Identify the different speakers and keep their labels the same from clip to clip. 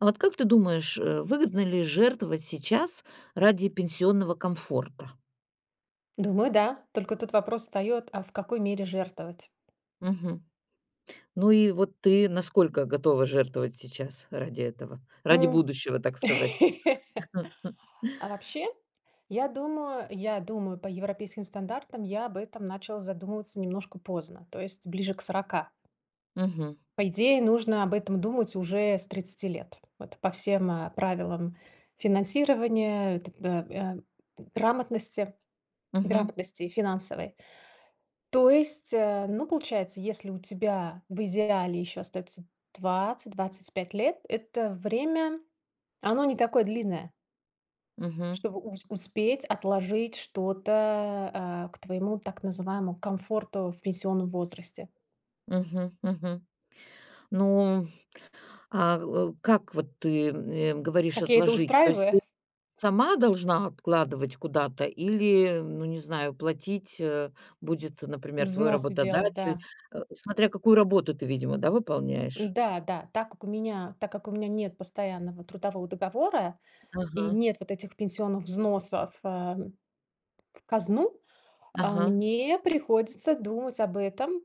Speaker 1: А вот как ты думаешь, э, выгодно ли жертвовать сейчас ради пенсионного комфорта?
Speaker 2: Думаю да, только тут вопрос встает, а в какой мере жертвовать?
Speaker 1: Мгм. Ну и вот ты насколько готова жертвовать сейчас, ради этого, ради
Speaker 2: М.
Speaker 1: будущего так сказать.
Speaker 2: А вообще, я думаю я думаю по европейским стандартам, я об этом начала задумываться немножко поздно, то есть ближе к 40.
Speaker 1: Мгм.
Speaker 2: По идее нужно об этом думать уже с 30 лет, вот по всем, э, правилам финансирования, э, т э, э, грамотности
Speaker 1: Мгм.
Speaker 2: грамотности, финансовой. То есть, э, ну получается, если у тебя в идеале еще остается 20-25 лет, это время, оно не такое длинное.
Speaker 1: Мгм.
Speaker 2: Чтобы у успеть отложить что-то, э, к твоему так называемому комфорту в пенсионном возрасте.
Speaker 1: Мгм мгм. Ну, а, э, как вот ты, э, говоришь-
Speaker 2: Как я это
Speaker 1: отложить? То есть ты
Speaker 2: устраиваю?
Speaker 1: сама должна откладывать куда-то или, ну не знаю, платить, э, будет, например, твой
Speaker 2: Взносы делать,
Speaker 1: работодатель.
Speaker 2: да.
Speaker 1: Э, смотря какую работу ты видимо, да, выполняешь?
Speaker 2: Да-да, так как у меня, так как у меня нет постоянного трудового договора, и
Speaker 1: Ага.
Speaker 2: нет вот этих пенсионных взносов, э, в казну, а,
Speaker 1: Ага.
Speaker 2: мне приходится думать об этом,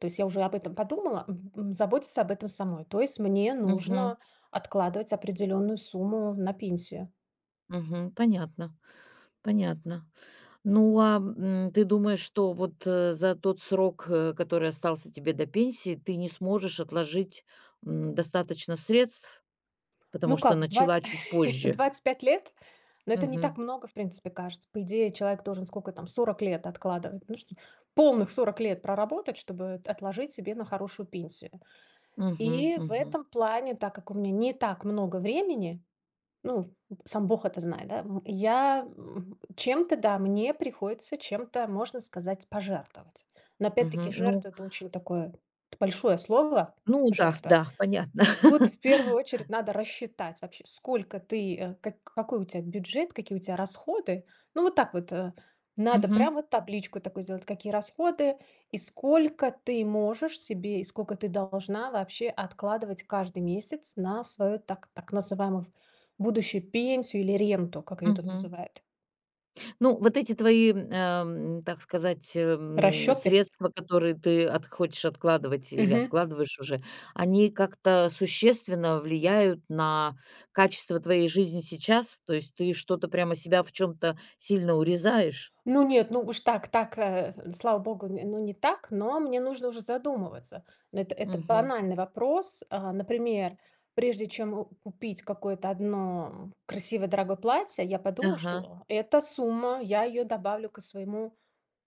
Speaker 2: то есть я уже об этом подумала, мгм, заботиться об этом самой. То есть мне
Speaker 1: Мгм.
Speaker 2: нужно откладывать определенную сумму на пенсию.
Speaker 1: Мгм, понятно понятно. Ну, а, м, ты думаешь, что вот, э, за тот срок, э, который остался тебе до пенсии, ты не сможешь отложить, м, достаточно средств, потому
Speaker 2: Ну
Speaker 1: что
Speaker 2: как? Два
Speaker 1: начала чуть позже?
Speaker 2: 25 лет? Ну это не
Speaker 1: Мгм.
Speaker 2: так много, в принципе, кажется. По идее, человек должен, сколько там, 40 лет откладывать. Нужно полных 40 лет проработать, чтобы, э, отложить себе на хорошую пенсию.
Speaker 1: Мгм
Speaker 2: И в
Speaker 1: мгм.
Speaker 2: этом плане, так как у меня не так много времени, ну, сам бог это знает, да в я м чем-то, да, мне приходится чем-то, можно сказать, пожертвовать. Но опять-таки
Speaker 1: Мгм, ну.
Speaker 2: жертва- это очень такое большое слово,
Speaker 1: Ну да,
Speaker 2: жертва.
Speaker 1: да, понятно.
Speaker 2: Тут в первую очередь надо рассчитать вообще, сколько ты, э, как какой у тебя бюджет, какие у тебя расходы. Ну, вот так вот, э, надо прям
Speaker 1: Мгм.
Speaker 2: вот табличку такую сделать, какие расходы, и сколько ты можешь себе, и сколько ты должна, вообще, откладывать каждый месяц, на свою, так так называемую, будущую пенсию, или ренту, как ее тут
Speaker 1: Мгм.
Speaker 2: называют.
Speaker 1: Ну, вот эти твои, ам, так сказать, э, м,
Speaker 2: Расчеты?
Speaker 1: средства, которые ты от хочешь откладывать, или
Speaker 2: Мгм.
Speaker 1: откладываешь уже, они как-то существенно влияют на качество твоей жизни сейчас. То есть ты что-то, прямо себя в чем-то сильно урезаешь?
Speaker 2: Ну нет, ну уж так так, э, слава Богу, ну, не так, но мне уже задумываться. Эт это
Speaker 1: Мгм.
Speaker 2: банальный вопрос. Э, например, прежде чем о купить какое-то одно красивое дорогое платье, я подумала,
Speaker 1: Ага.
Speaker 2: что эта сумма, я ее добавлю к своему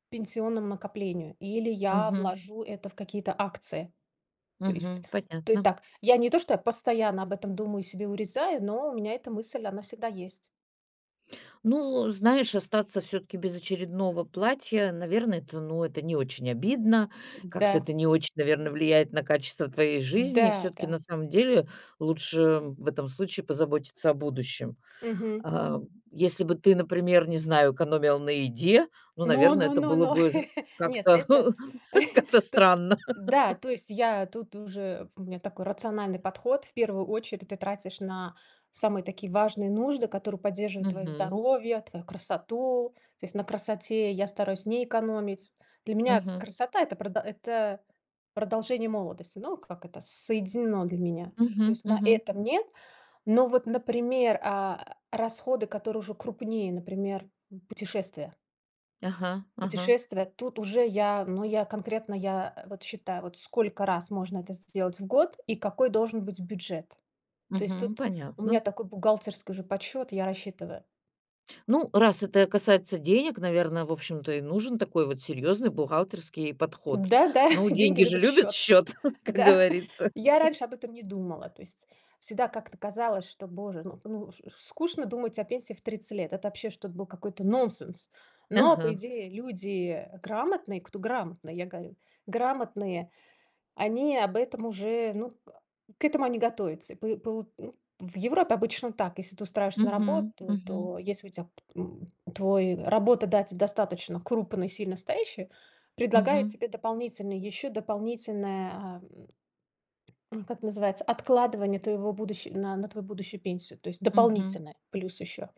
Speaker 2: пенсионному накоплению, или я
Speaker 1: Мгм.
Speaker 2: вложу это в какие-то акции. То есть,
Speaker 1: Мгм,
Speaker 2: ты
Speaker 1: понятно.
Speaker 2: так я не то что постоянно об этом думаю себе урезаю, но у меня эта мысль она всегда есть.
Speaker 1: Ну, знаешь, остаться всё-таки без очередного платья, наверно, это, ну, это не очень обидно. Как-то
Speaker 2: Да.
Speaker 1: это не очень, наверно, влияет на качество твоей жизни. И всё-таки,
Speaker 2: Да-да.
Speaker 1: на самом деле, лучше в этом случае позаботиться о будущем.
Speaker 2: Мгм.
Speaker 1: А, если бы ты, например, не знаю, экономила на еде, ну,
Speaker 2: Но
Speaker 1: наверно,
Speaker 2: но
Speaker 1: это
Speaker 2: но,
Speaker 1: было бы з
Speaker 2: нет.
Speaker 1: как-то
Speaker 2: Это
Speaker 1: как-то
Speaker 2: то
Speaker 1: странно.
Speaker 2: да, то есть я тут уже у меня такой рациональный подход. В первую очередь, ты тратишь на самые такие важные нужды, которые поддерживают твое
Speaker 1: Мгм.
Speaker 2: здоровье, твою красоту, то есть на красоте я стараюсь не экономить. Для меня
Speaker 1: Мгм.
Speaker 2: красота это продо это продолжение молодости, ну как это соединено для меня. То
Speaker 1: Мгм
Speaker 2: есть на
Speaker 1: мгм.
Speaker 2: этом- нет. Но вот, например, а, расходы, которые уже крупнее, например, м, путешествия.
Speaker 1: Ага ага.
Speaker 2: Путешествия- тут уже я, ну, я конкретно, я, а, вот считаю, вот сколько раз можно это сделать в год и какой должен быть бюджет. То есть
Speaker 1: Мгм.
Speaker 2: тут у меня
Speaker 1: Понятно.
Speaker 2: такой бухгалтерский уже подсчет, я рассчитываю.
Speaker 1: Ну, раз это касается денег, наверно, в общем-то и нужен такой вот серьезный бухгалтерский подход.
Speaker 2: Да-да,
Speaker 1: Ну,
Speaker 2: деньги
Speaker 1: деньги же
Speaker 2: любят
Speaker 1: любят
Speaker 2: счет!
Speaker 1: счет, как
Speaker 2: Да.
Speaker 1: говорится.
Speaker 2: Я раньше об этом не думала, то есть всегда как-то казалось, что боже, ну ну чт скучно думать о пенсии в 30 лет. Это, вообще, что-то был какой-то нонсенс. Но, по
Speaker 1: Ага.
Speaker 2: идее, люди грамотные, кто грамотный, я говорю. Грамотные- они об этом уже, ну, а, к этому они готовятся. Пои пол Ну, в Европе обычно так: если ты устраиваешься на
Speaker 1: Мгм,
Speaker 2: работу,
Speaker 1: мгм.
Speaker 2: то если у тя п м твой работадатель достаточно крупный и сильно стоящий, то предлагает
Speaker 1: Мгм.
Speaker 2: тебе дополнительно еще дополнительное, а, м, ну как называется, откладывание твоего будущи на на твою будущую пенсию. То есть
Speaker 1: Мгм.
Speaker 2: дополнительно плюс еще.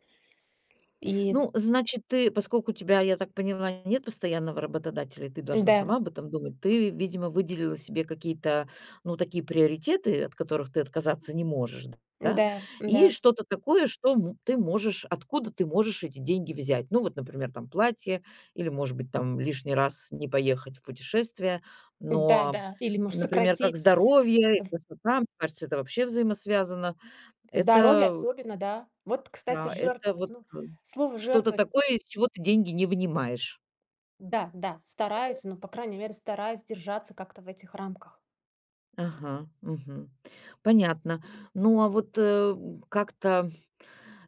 Speaker 2: И
Speaker 1: Ну, значит, ты поскольку у тебя, я так поняла, нет постоянного работодателя, ты должна
Speaker 2: Да.
Speaker 1: сама об этом думать. Ты, видимо, выделила себе какие-то, ну, такие приоритеты, от которых ты отказаться не можешь, да.
Speaker 2: Да,
Speaker 1: И
Speaker 2: да.
Speaker 1: что-то такое, м, что мо ты можешь откуда ты можешь эти деньги взять. Ну, вот, например, там платье, или может быть там лишний раз не поехать в путешествие.
Speaker 2: Да,
Speaker 1: Но,
Speaker 2: да. Или может
Speaker 1: например, как
Speaker 2: сократить
Speaker 1: здоровье и
Speaker 2: в
Speaker 1: красота, мне кажется, это вообще взаимосвязано.
Speaker 2: Здоровье,
Speaker 1: Это
Speaker 2: особенно, да. Вот, кстати,
Speaker 1: Да. Это
Speaker 2: жертвовать!
Speaker 1: вот
Speaker 2: Ну,
Speaker 1: ка
Speaker 2: слово
Speaker 1: что-то
Speaker 2: "жертвовать"
Speaker 1: такое, из чего ты деньги не вынимаешь.
Speaker 2: Да-да,
Speaker 1: Мгм.
Speaker 2: стараюсь, но по крайней мере стараюсь держаться как-то в этих рамках.
Speaker 1: Ага. Мгм. Понятно. Ну, а вот, э, как-то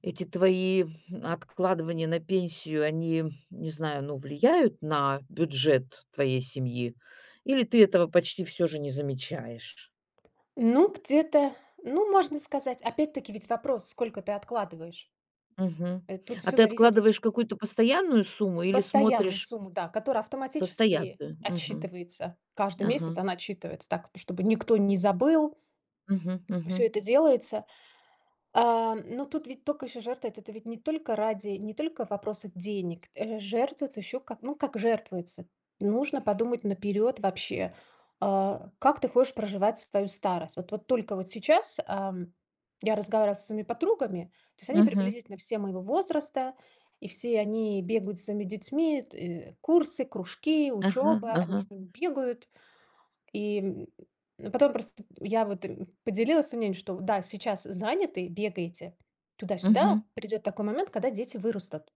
Speaker 1: эти твои откладывания на пенсию, они, не знаю, ну, влияют на бюджет твоей семьи или ты этого почти всё же не замечаешь?
Speaker 2: Ну, где-то, ну, можно сказать, опять-таки, ведь вопрос: сколько ты откладываешь?
Speaker 1: Мгм.
Speaker 2: Э, тут
Speaker 1: А
Speaker 2: всё
Speaker 1: ты
Speaker 2: зависит ведь
Speaker 1: откладываешь какую-то постоянную сумму или
Speaker 2: Постоянную
Speaker 1: смотришь
Speaker 2: сумму, да, которая автоматически
Speaker 1: постоянную. Мгм.
Speaker 2: отсчитывается каждый месяц.
Speaker 1: Ага.
Speaker 2: Она отсчитывается так, т чтобы никто не забыл
Speaker 1: Мгм
Speaker 2: всё
Speaker 1: мгм.
Speaker 2: это делается. А, ну тут ведь только еще жертвы- это ты ведь не только ради, не только вопроса денег. Э, жертвуется еще как, ну, как жертвуется- нужно подумать наперёд вообще, а, как ты хочешь проживать свою старость. Вот вот только вот сейчас, ам, я разговаривала со своими подругами, то есть они
Speaker 1: Мгм.
Speaker 2: приблизительно все моего возраста, и все они бегают со своими детьми: тэ курсы, кружки,
Speaker 1: Ага
Speaker 2: учеба. Они
Speaker 1: ага.
Speaker 2: с ними бегают. И, м, потом просто я вот им поделилась своим мнением, что да, сейчас заняты, бегаете туда-сюда,
Speaker 1: Мгм.
Speaker 2: придет такой момент, когда дети вырастут.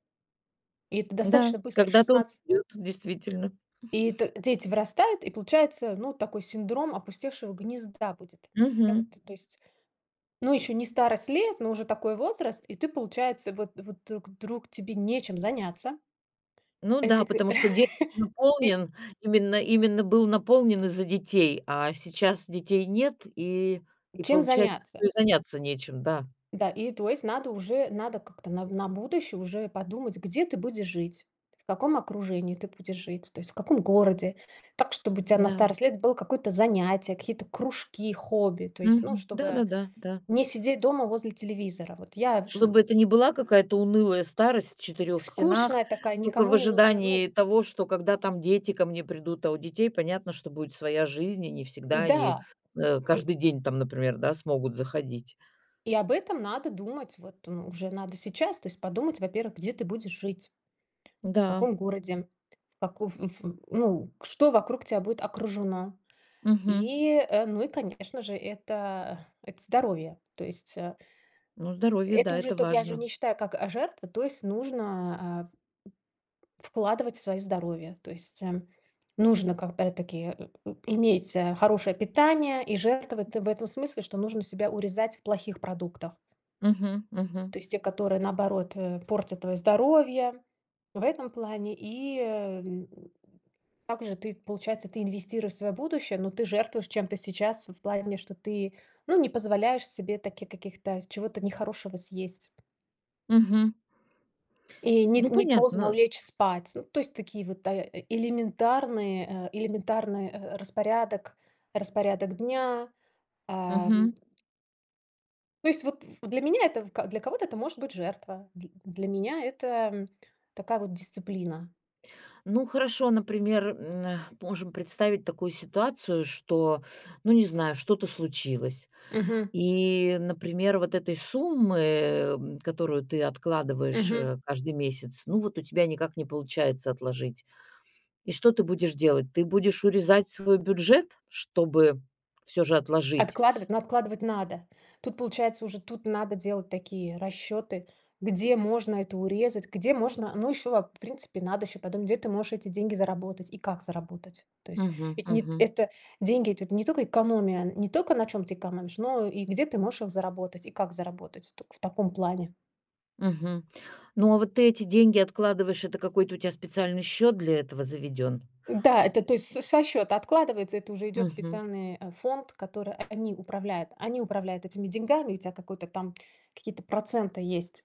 Speaker 2: И это
Speaker 1: Да,
Speaker 2: достаточно быстр-
Speaker 1: когда-то он
Speaker 2: 16
Speaker 1: ёт действительно.
Speaker 2: и т дети вырастают, и получается, ну, такой синдром опустевшего гнезда будет. Да вот,
Speaker 1: Мгм.
Speaker 2: то есть ну, еще не старость лет, но уже такой возраст, и ты, получается, вот вот, э, к друг тебе нечем заняться.
Speaker 1: Ну да,
Speaker 2: Этих, э.
Speaker 1: потому что день
Speaker 2: И
Speaker 1: наполнен именно именно был наполнен из-за детей, а сейчас детей нет, и и
Speaker 2: Чем
Speaker 1: получается, что
Speaker 2: заняться?
Speaker 1: и заняться нечем, да.
Speaker 2: Да, и, то есть, надо уже надо как-то на на будущее уже и подумать: где ты будешь жить, в каком окружении ты будешь жить, то есть в каком городе. Так, чтобы у тя на
Speaker 1: Да.
Speaker 2: старость лет было какое-то занятие, какие-то кружки, хобби, то есть, ну,
Speaker 1: Мгм. Да
Speaker 2: чтобы
Speaker 1: да да да.
Speaker 2: не сидеть дома возле телевизора. Вот я в,
Speaker 1: Чтобы
Speaker 2: м
Speaker 1: это не была какая-то унылая старость в 4 стенах,
Speaker 2: Скучная такая,
Speaker 1: тока
Speaker 2: никому
Speaker 1: в
Speaker 2: не нужная, ну
Speaker 1: ожидании
Speaker 2: в
Speaker 1: того, что, когда там дети ко мне придут. А у детей понятно, что будет своя жизнь, и не всегда они,
Speaker 2: Да!
Speaker 1: э,
Speaker 2: Ты
Speaker 1: каждый день там, например, да, смогут заходить.
Speaker 2: И об этом надо думать. Вот, ну, уже надо сейчас, то есть подумать. Во-первых, где ты будешь жить? В
Speaker 1: Да.
Speaker 2: каком городе? В каков эф в ну, к что вокруг тя будет окружено?
Speaker 1: Мгм.
Speaker 2: И, э, ну, и конечно же, это это здоровье. То есть, а
Speaker 1: Ну, здоровье,
Speaker 2: Это
Speaker 1: да,
Speaker 2: уже
Speaker 1: это
Speaker 2: ток я же
Speaker 1: важно.
Speaker 2: не считаю как, а, жертва, то есть нужно, а, в вкладывать в свое здоровье. То есть, эм, нужно, как, опять-таки, э, э, иметь, э, хорошее питание и жертвовать ты в этом смысле, что нужно себя урезать в плохих продуктах.
Speaker 1: Мгм мгм.
Speaker 2: То есть те, которые, наоборот, э, портят твое здоровье- в этом плане, и эм. Так же ты, получается, ты инвестируешь в свое будущее, но ты жертвуешь чем-то сейчас в плане, что ты, ну, не позволяешь себе таких каких-то с чего-то нехорошего съесть.
Speaker 1: Мгм.
Speaker 2: И нет,
Speaker 1: Ну,
Speaker 2: не поздно
Speaker 1: понятно.
Speaker 2: лечь спать. Ну, то есть такие вот, да, элементарные, э, элементарный, э, распорядок распорядок дня, ам
Speaker 1: Мгм.
Speaker 2: То есть, вот, ф для меня это в ка для кого-то это может быть жертва, дл для меня это, м, такая вот дисциплина.
Speaker 1: Ну, хорошо, например, м, а, можем представить такую ситуацию, что, ну, не знаю, что-то случилось
Speaker 2: Мгм.
Speaker 1: и, например, вот этой суммы, м, которую ты откладываешь,
Speaker 2: Мгм.
Speaker 1: э, каждый месяц, ну вот у тебя никак не получается отложить. И что ты будешь делать? Ты будешь урезать свой бюджет, чтобы всё же отложить
Speaker 2: Откладывать? Ну, откладывать надо. Тут получается уже, тут надо делать такие расчеты, где можно это урезать, где можно, но еще вап в принципе, надо еще потом, где ты можешь эти деньги заработать и как заработать. То есть,
Speaker 1: Мгм
Speaker 2: это не т
Speaker 1: мгм.
Speaker 2: это деньги- это ведь не только экономия, не только на чем ты экономишь, но и где ты можешь их заработать и как заработать. Только в таком плане.
Speaker 1: Мгм. Ну, а вот ты эти деньги откладываешь- это какой-то у тя специальный счет для этого заведен?
Speaker 2: Да, это, то есть со со счета откладывается, это уже идет в
Speaker 1: Мгм.
Speaker 2: специальный, э, фонд, котора э, они управляют. Они управляют этими деньгами, у тя какой-то там, какие-то проценты есть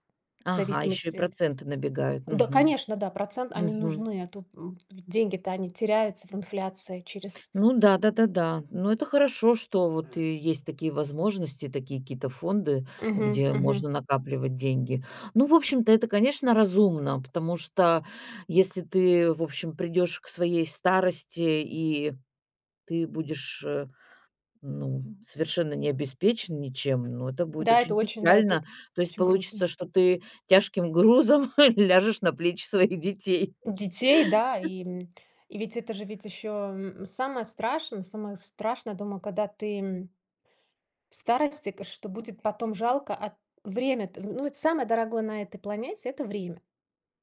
Speaker 2: в
Speaker 1: Ага, еще и
Speaker 2: зависимости
Speaker 1: проценты набегают?
Speaker 2: Да,
Speaker 1: Мгм.
Speaker 2: конечно, да, процент- они
Speaker 1: Мгм.
Speaker 2: нужны, а тут м, в деньги-то, они теряются в инфляции через
Speaker 1: Ну да да да да. Ну, это хорошо, что вот и есть такие возможности, такие какие-то фонды,
Speaker 2: Мгм
Speaker 1: где
Speaker 2: мгм.
Speaker 1: можно накапливать деньги. Ну, в общем-то, это, конечно, разумно, потому что если ты, в общем, придешь к своей старости и ты будешь, э, ну, совершенно не обеспечен ничем, ну, это будет
Speaker 2: Да, это
Speaker 1: очень
Speaker 2: очень, да, и
Speaker 1: печально.
Speaker 2: тут
Speaker 1: То есть
Speaker 2: очень грустно.
Speaker 1: получится, что ты тяжким грузом ляжешь на плечи своих детей.
Speaker 2: Детей, да и, м, и ведь это же, ведь еще, м, самое страшное самое страшное дома, када ты, м, в старости, к что будет потом, жалко, а, время-то, ну вот, самое дорогое на этой планете- это время.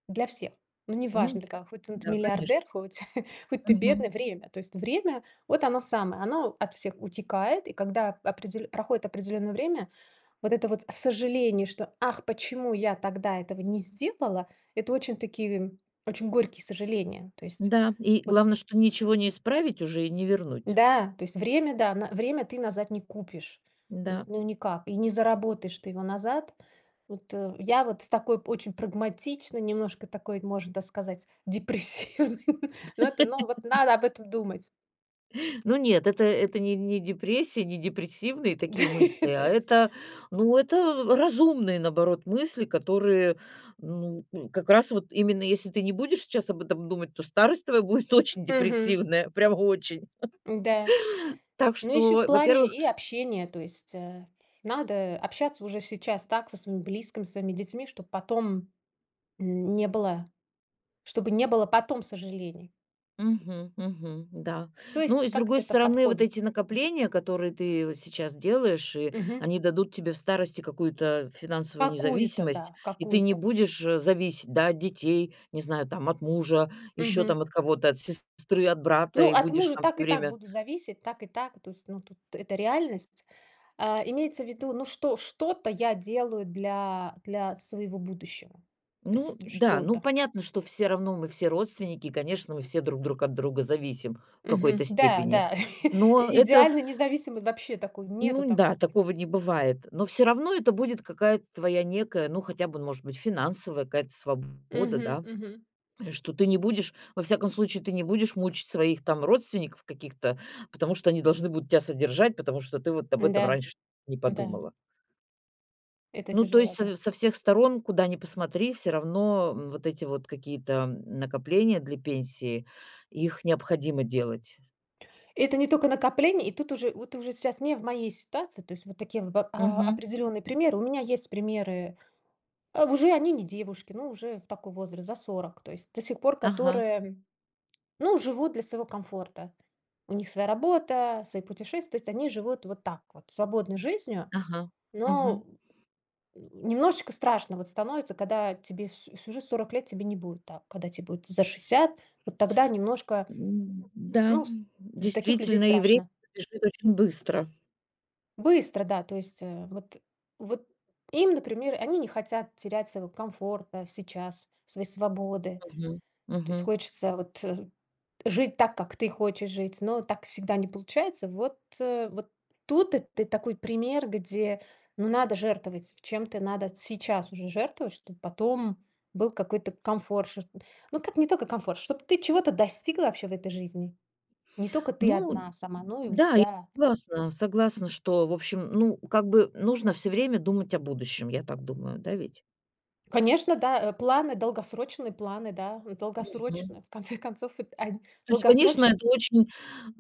Speaker 2: Для всех. Ну,
Speaker 1: Ну
Speaker 2: неважно для кого: хоть тн т
Speaker 1: Да, конечно.
Speaker 2: миллиардер, хоть хоть ты
Speaker 1: Мгм.
Speaker 2: бедный- время. То есть время- вот оно самое. Оно от всех утекает. И когда определё проходит определённое время, вот это вот сожаление, что: "Ах, почему я тогда этого не сделала?"- это очень такие, м, очень горькие сожаления. То есть
Speaker 1: Да, и
Speaker 2: вот
Speaker 1: главное, что ничего не исправить уже и не вернуть.
Speaker 2: Да, то есть время, да, на время ты назад не купишь. Вот
Speaker 1: Да.
Speaker 2: ну никак, и не заработаешь ты его назад. Вот, э, я вот с такой очень прагматичной немножко, такой, можно, да, сказать, депрессивной, но это, ну, вот надо об этом думать.
Speaker 1: Ну нет, это это не не депрессия, не депрессивные такие мысли,
Speaker 2: То
Speaker 1: а
Speaker 2: есть
Speaker 1: это, ну, это разумные, наоборот, мысли, которые, ну, м, как раз вот именно, если ты не будешь сейчас об этом думать, то старость твоя будет очень
Speaker 2: Мгм.
Speaker 1: депрессивная, прямо очень.
Speaker 2: Н-да.
Speaker 1: Так
Speaker 2: Ну, еще в
Speaker 1: что,
Speaker 2: плане
Speaker 1: во-первых
Speaker 2: и общения, то есть, э, надо общаться уже сейчас так со своим близким, со своими детьми, чтоб потом, м, не было чтобы не было потом сожалений.
Speaker 1: Мгм мгм, да.
Speaker 2: То
Speaker 1: Ну
Speaker 2: есть
Speaker 1: и с
Speaker 2: как
Speaker 1: другой
Speaker 2: это-то
Speaker 1: стороны, вот
Speaker 2: подходит?
Speaker 1: эти накопления, которые ты вот сейчас делаешь, и
Speaker 2: Мгм.
Speaker 1: они дадут тебе в старости какую-то финансовую
Speaker 2: Какую-то,
Speaker 1: независимость,
Speaker 2: да,
Speaker 1: и ты не
Speaker 2: какую-то.
Speaker 1: будешь, э, зависеть, да, от детей, не знаю, там, от мужа, еще
Speaker 2: Мгм.
Speaker 1: там от кого-то, от сестры, от брата,
Speaker 2: Ну,
Speaker 1: и
Speaker 2: от
Speaker 1: будешь
Speaker 2: мужа
Speaker 1: там
Speaker 2: так
Speaker 1: всё
Speaker 2: и так
Speaker 1: время
Speaker 2: буду зависеть, так и так. То есть, ну, тут- это реальность. А, имеется в виду, ну, что что-то я делаю для для своего будущего. Тс
Speaker 1: Ну
Speaker 2: т
Speaker 1: да. Ну,
Speaker 2: что-то.
Speaker 1: понятно, что все равно мы все родственники, конечно, мы все друг друг от друга зависим в какой-то
Speaker 2: Мгм. Да
Speaker 1: степени,
Speaker 2: да.
Speaker 1: но это
Speaker 2: Идеально, независимый- вообще такой, нету
Speaker 1: Ну да,
Speaker 2: такого, поня
Speaker 1: такого не бывает. Но все равно это будет какая-то твоя некая, ну, хотя бы, ну, может быть, финансовая какая-то сва бода,
Speaker 2: Мгм
Speaker 1: да
Speaker 2: мгм. И
Speaker 1: что ты не будешь, во всяком случае, ты не будешь мучить своих, там, родственников каких-то, потому что они должны будут тебя содержать, потому что ты вот об этом
Speaker 2: Н-да,
Speaker 1: раньше не
Speaker 2: да.
Speaker 1: подумала.
Speaker 2: Это
Speaker 1: Ну, то
Speaker 2: тяжело,
Speaker 1: есть
Speaker 2: да.
Speaker 1: с со всех сторон, куда ни посмотри, всё равно, м, вот эти вот какие-то, м, накопления для пенсии, их необходимо делать.
Speaker 2: Это не тока накопления, и тут уже, вот уже щас, не в моей ситуации, то есть вот такие в б а,
Speaker 1: Мгм.
Speaker 2: определенные примеры. У меня есть примеры, а уже они не девушки, ну, уже такой возраст за 40, то есть до сих пор
Speaker 1: Ага.
Speaker 2: которые, ну, живут для своего комфорта. У них своя работа, свои путешествия, то есть они живут вот так вот- свободной жизнью,
Speaker 1: Ага. Мгм.
Speaker 2: но немножечко страшно, вот, становится, когда тебе с всю жизнь 40 лет тебе не будет, так. Когда тебе будет за 60, вот тогда немножко
Speaker 1: М, да.
Speaker 2: ну, с за таких людей
Speaker 1: Действительно, и вре
Speaker 2: страшно.
Speaker 1: бежит очень быстро.
Speaker 2: Быстро, да. То есть, э, вот вот им, например, они не хотят терять своего комфорта сейчас, своей свободы,
Speaker 1: Мгм.
Speaker 2: то есть
Speaker 1: Мгм.
Speaker 2: хочется вот жить так, как ты хочешь жить, но так всегда не получается. Вот вот тут это такой пример, где ну надо жертвовать, в чем-то надо сейчас уже жертвовать, чтобы потом был какой-то комфорт шо шт Ну, как, не тока комфорт, чтоб ты чего-то достигла, вообще, в этой жизни. Не тока ты
Speaker 1: Ну
Speaker 2: одна сама, но и у
Speaker 1: да я
Speaker 2: тебя
Speaker 1: согласна согласна, что в общем, ну, как бы, нужно всё время думать о будущем. Я так думаю. Да ведь?
Speaker 2: Конечно, да, э, планы, долгосрочные планы, да, э,
Speaker 1: Mгм.
Speaker 2: долгосрочные, в конце концов, эт он
Speaker 1: То есть, конечно,
Speaker 2: долгосрочные
Speaker 1: это очень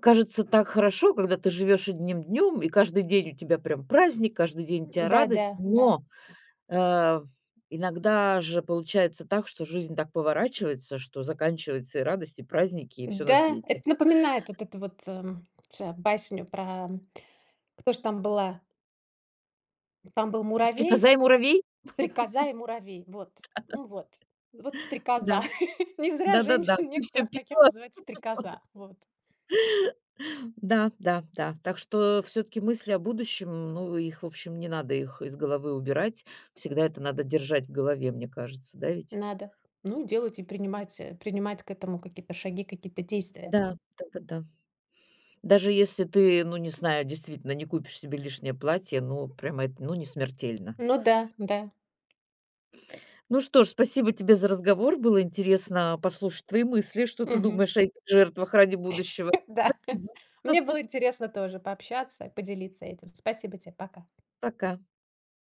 Speaker 1: кажется так хорошо, когда ты живешь одним днем, и каждый день у тебя прям праздник, каждый день у
Speaker 2: М
Speaker 1: тебя
Speaker 2: да, да,
Speaker 1: радость,
Speaker 2: да.
Speaker 1: но, а, иногда же получается так, что жизнь так поворачивается, что заканчивается и радость, и праздники, и всё на
Speaker 2: Да,
Speaker 1: свете.
Speaker 2: это напоминает вот это вот ля басню про кто ж там была Там был Муравей,
Speaker 1: "Стрекоза и Муравей"?
Speaker 2: "Стрекоза и Муравей". Вот, м, вот. Вот Стрекоза.
Speaker 1: Да.
Speaker 2: Не зря
Speaker 1: Да Да-да-да.
Speaker 2: женщин,
Speaker 1: "Ты всё
Speaker 2: некоторых, таких
Speaker 1: пела"
Speaker 2: называют
Speaker 1: Вот.
Speaker 2: "Стрекоза". Вот.
Speaker 1: Да, да, да. Так что все-таки мысли о будущем, ну их, в общем, не надо их из головы убирать. Всегда это надо держать в голове. Мне кажется, да ведь?
Speaker 2: Надо. Ну, делать, и принимать, э, принимать к этому какие-то шаги, какие-то действия.
Speaker 1: Да. Да-да-да. Даже если ты, ну не знаю, действительно, не купишь себе лишнее платье, ну прям это, ну не смертельно.
Speaker 2: Ну да, да.
Speaker 1: Ну что ж, спасибо тебе за разговор, было интересно послушать твои мысли, что ты
Speaker 2: Мгм.
Speaker 1: думаешь о жертвах ради будущего.
Speaker 2: Да.
Speaker 1: Спасибо.
Speaker 2: Мне было интересно тоже пообщаться, и поделиться этим. Спасибо тебе! Пока!
Speaker 1: Пока.